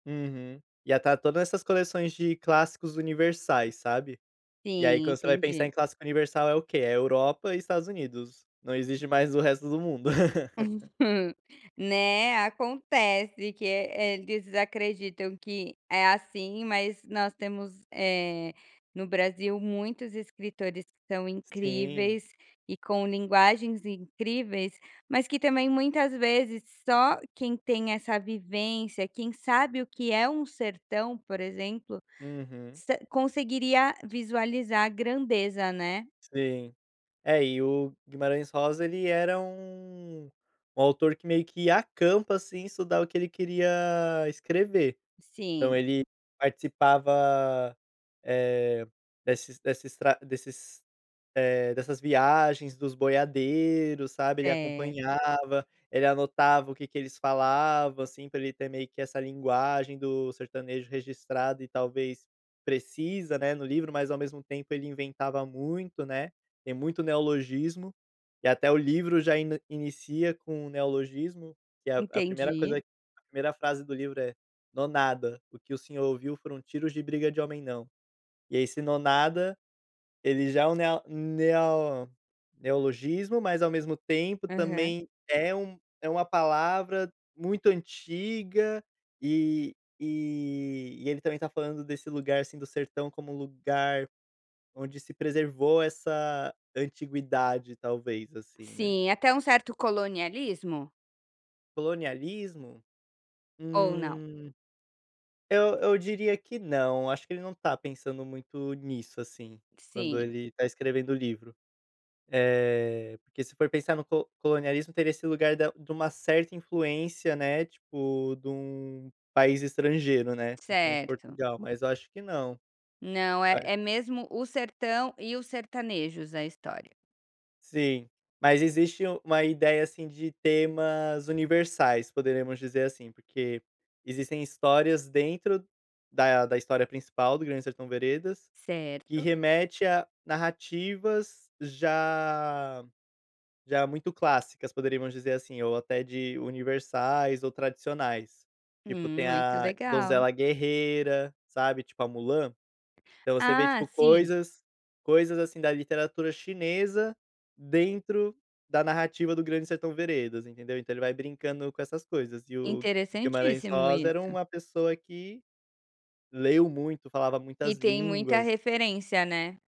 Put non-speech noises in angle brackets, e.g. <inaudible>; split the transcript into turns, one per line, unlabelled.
Uhum. Ia estar todas essas coleções de clássicos universais, sabe, e aí
Sim,
quando você vai pensar
entendi.
em clássico universal é o que, é Europa e Estados Unidos, não existe mais o resto do mundo. <laughs>
<laughs> Né, acontece que é é, eles acreditam que é assim, mas nós temos, eh, no Brasil muitos escritores que são
Sim.
incríveis e com linguagens incríveis, mas que também muitas vezes só quem tem essa vivência, quem sabe o que é um "sertão", por exemplo,
Uhum.
sa conseguiria visualizar a grandeza, né?
Sim. É, e o Guimarães Rosa ele era um um autor que meio que acampa assim, estudar o que ele queria escrever. Então,
Sim.
ele participava, eh, desses desses estra desses eh, dessas viagens dos boiadeiros, sabe, ele
Certo.
acompanhava, ele anotava o que que eles falavam, assim, pra ele ter meio que essa linguagem do sertanejo registrado e talvez precisa, né, no livro, mas ao mesmo tempo ele inventava muito, né, tem muito neologismo, e até o livro já ene inicia com o neologismo, que é a a 1ª coisa,
Entendi.
a 1ª frase do livro é: "Nonada, o que o senhor ouviu foram tiros de briga de homem não". E aí esse "nonada", ele já é um neo neo neologismo, mas ao mesmo tempo
Aham.
também é um é uma palavra muito antiga, eh eh, e ele também tá falando desse lugar, assim, do sertão como um lugar onde se preservou essa antiguidade talvez, assim, né?
Sim, até um certo colonialismo?
Colonialismo?
Ou não?
Hum, eu eu diria que não, acho que ele não tá pensando muito nisso, assim, quando
Sim.
ele tá escrevendo o livro, eh, porque se for pensar no co colonialismo teria esse lugar da de uma certa influência, né, tipo de um país estrangeiro né, principalmente
Certo.
Portugal, mas acho que não,
Não, é
parece
é mesmo o sertão e os sertanejos a história.
Sim, mas existe u uma ideia, assim, de temas universais, poderemos dizer assim, porque existem histórias dentro da da história principal do Grande Sertão Veredas, que
Certo.
remete a narrativas já já muito clássicas, poderíamos dizer assim, ou até de universais ou tradicionais, tipo,
Hum,
tem
muito
a
legal.
Donzela Guerreira, sabe, tipo a Mulan. Então você vê
Ah,
tipo
sim.
coisas coisas assim, da literatura chinesa dentro da narrativa do Grande Sertão Veredas, entendeu? Então, ele vai brincando com essas coisas e o Guimarães
Interessantíssimo
Rosa era
isso.
uma pessoa que leu muito, falava
E
muitas
tem muita
línguas.
referência, né?